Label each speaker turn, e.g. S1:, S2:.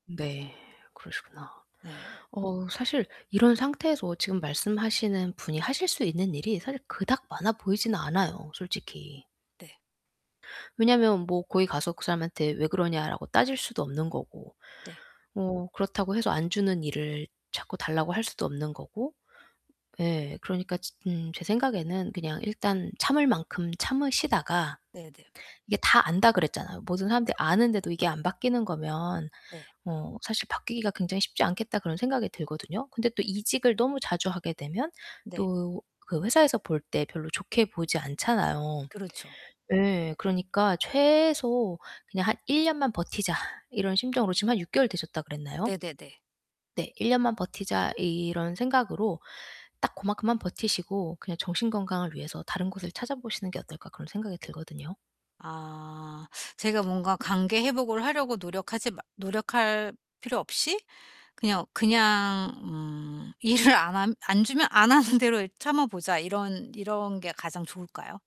S1: 네. 그러시구나.
S2: 네.
S1: 어 사실 이런 상태에서 지금 말씀하시는 분이 하실 수 있는 일이 사실 그닥 많아 보이진 않아요 솔직히.
S2: 네.
S1: 왜냐하면 뭐 거기 가서 그 사람한테 "왜 그러냐?"라고 따질 수도 없는 거고
S2: 네.
S1: 뭐 그렇다고 해서 안 주는 일을 자꾸 달라고 할 수도 없는 거고. 예. 그러니까 지 음 제 생각에는 그냥 일단 참을 만큼 참으시다가
S2: 네네.
S1: 이게 다 안다 그랬잖아요. 모든 사람들이 아는데도 이게 안 바뀌는 거면
S2: 네.
S1: 어 사실 '바뀌기가 굉장히 쉽지 않겠다.' 그런 생각이 들거든요. 근데 또
S2: 네.
S1: 이직을 너무 자주 하게 되면
S2: 네.
S1: 또 그 회사에서 볼 때 별로 좋게 보지 않잖아요.
S2: 그렇죠.
S1: 예. 그러니까 최소 '그냥 한 1 년만 버티자.' 이런 심정으로 지금 한 6 개월 되셨다 그랬나요?
S2: 네네네.
S1: 네. '1 년만 버티자.' 이런 생각으로 딱 고만큼만 버티시고 '그냥 정신 건강을 위해서 다른 곳을 찾아보시는 게 어떨까?' 그런 생각이 들거든요.
S2: 아. 제가 뭔가 관계 회복을 하려고 노력하지 마 노력할 필요 없이 '그냥 그냥 음 일을 안 함 안 주면 안 하는 대로 이 참아 보자.' 이런 이런 게 가장 좋을까요?